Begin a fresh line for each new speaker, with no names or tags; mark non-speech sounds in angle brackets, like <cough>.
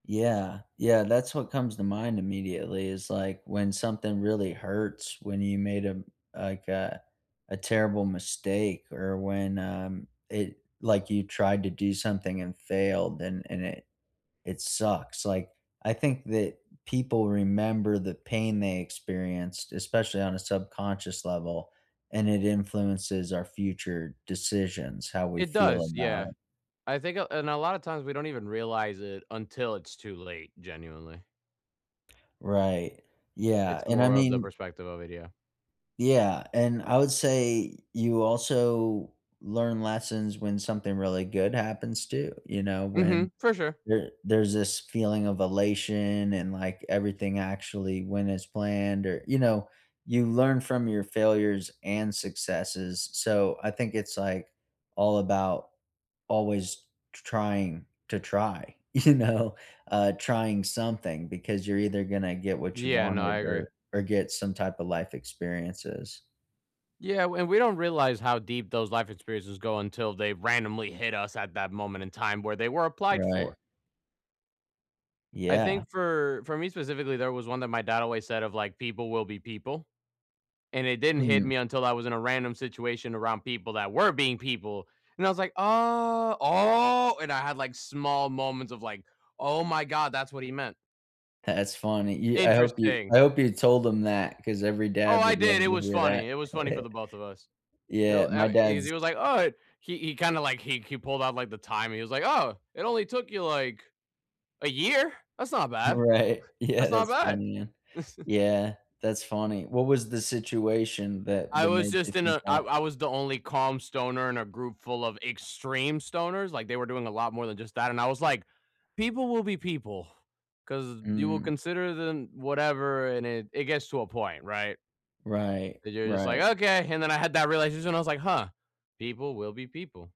Yeah. Yeah, that's what comes to mind immediately is, like, when something really hurts, when you made a m like, a a terrible mistake or when, um, it like, you tried to do something and failed, and and it it sucks. Like, I think that people remember the pain they experienced, especially on a subconscious level, and it influences our future decisions, how we
It
feel
does,
about
yeah.
it.
I think, uh and a lot of times, we don't even realize it until it's too late genuinely.
Right.
It's
Yeah. And I
more of the
mean
perspective of it, yeah.
Yeah. And I would say you also learn lessons when something really good happens too, you know? When
Mhm. For sure.
there there's this feeling of elation and, like, everything actually went as planned or you know, you learn from your failures and successes. So, I think it's, like, all about always tr trying to try, you know? Uh, trying something because you're either gonna get what you
Yeah. No, I
wanted
agree.
or or get some type of life experiences.
Yeah, and w we don't realize how deep those life experiences go until they randomly hit us at that moment in time where they were applied
Right.
for. I
Yeah.
think for for me specifically, there was one that my dad always said of, like, "People will be people," and it didn't hit
Mhm.
me until I was in a random situation around people that were being people, and I was like, "Oh, oh!" And I had, like, small moments of, like, "Oh my god, that's what he meant."
That's funny. Y I hope you
Interesting.
I hope you told them that, 'cause every
Oh,
dad
I
would
did
love
it
to
was
hear that.
funny, it was funny for
<chuckles>
the both of us.
Yeah,
He'll eh,
my
e he
dad's
was, like, "Oh, eh" he he kinda, like, he he pulled out, like, the time, he was like, "Oh, it only took you, like, a year. That's not bad.
Right. Yeah,
That's not
that's
bad."
funny, yeah.
<chuckles>
Yeah, that's funny. What was the situation that
I
that
was
made you
just in
think
a I
that?
I was the only calm stoner in a group full of extreme stoners like, they were doing a lot more than just that and I was, like, "People will be people 'cause you will
Mm.
consider then" whatever, and it it gets to a point, right?
Right,
And you're just, like,
right.
"Okay," and then I had that realization, I was, like, "Huh. People will be people."